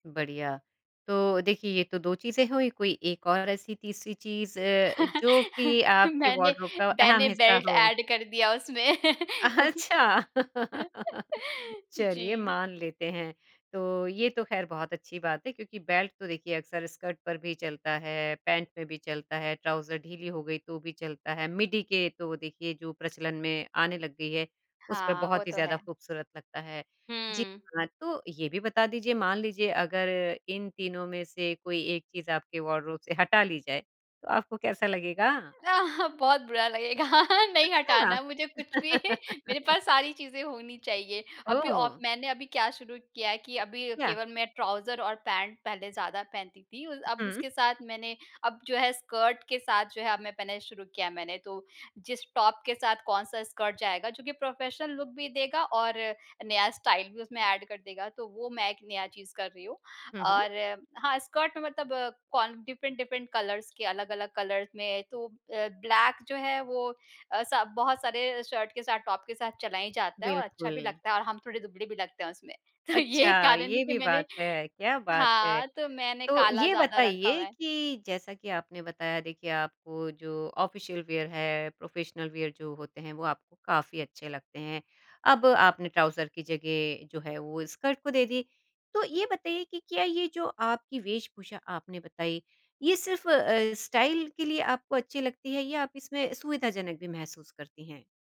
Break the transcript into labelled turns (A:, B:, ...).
A: बढ़िया। तो देखिए ये तो 2 चीज़ें हुईं कोई एक और ऐसी तीसरी चीज़ अ, जो कि आपके
B: मैंने
A: वार्डरोब का अहम
B: मैंने
A: हिस्सा
B: बेल्ट
A: हो?
B: एड कर दिया उसमें।
A: अच्छा चलिए
B: जी।
A: मान लेते हैं। तो ये तो खैर बहुत अच्छी बात है क्योंकि बेल्ट तो देखिए अक्सर स्कर्ट पर भी चलता है, पैंट में भी चलता है, ट्राउज़र ढीली हो गई तो भी चलता है, मिडी के तो देखिए जो प्रचलन में आने लग गई है, उस पर
B: हाँ, वो
A: बहुत ही
B: तो
A: ज़्यादा
B: है।
A: खूबसूरत लगता है। जी
B: हुँ।
A: हाँ, तो ये भी बता दीजिए मान लीजिए अगर इन तीनों में से कोई एक चीज़ आपके वार्डरोब से हटा ली जाए, तो आपको कैसा लगेगा?
B: अ, ह बहुत बुरा लगेगा। नहीं हटाना
A: अच्छा।
B: मुझे कुछ भी। मेरे पास सारी चीज़े होनी चाहिए। अभी औ
A: ओह!
B: मैंने अभी क्या शुरू किया है कि अभी
A: याह।
B: केवल मैं ट्राउज़र और पैंट पहले ज़्यादा पहनती थी। उ अब
A: हुँ।
B: उसके साथ मैंने अब जो है स्कर्ट के साथ जो है अब मैं पहनना शुरू किया है मैंने। तो जिस टॉप के साथ कौन-सा स्कर्ट जायेगा, जोकि प्रोफेशनल लुक भी देगा और नया स्टाइल भी उसमें एड कर देगा, तो वो मैं एक नया चीज़ कर रही हूँ।
A: हुँ, हुँ।
B: और हाँ, स्कर्ट मतलब कौन डिफरेंट-डिफरेंट कलर्स के, अलग-अलग कलर्स में तो अ, ब्लैक जो है वो अ, सब बहुत सारे अ, शर्ट के साथ, टॉप के साथ चला ही जाता है और अच्छा भी
A: बिल्कुल।
B: लगता है और हम थोड़े दुबले भी लगते हैं उसमें। तो ये
A: अच्छा,
B: कारण है
A: ये
B: कि
A: भी
B: मैंने
A: बात है। क्या बात है!
B: हाँ, तो मैंने
A: तो
B: काला
A: ये
B: ज़्यादा रखा हुआ
A: बताइए
B: है।
A: कि जैसा कि आपने बताया देखिए आपको जो ऑफ़िशियल वियर है, प्रोफ़ेशनल वियर जो होते हैं वो आपको काफ़ी अच्छे लगते हैं। अब आपने ट्राउज़र की जगह जो है वो स्कर्ट को दे दी। तो ये बताइए कि क्या ये जो आपकी वेशभूषा आपने बताई ये सिर्फ़ अ, स्टाइल के लिए आपको अच्छी लगती है या आप इसमें सुविधाजनक भी महसूस करती हैं?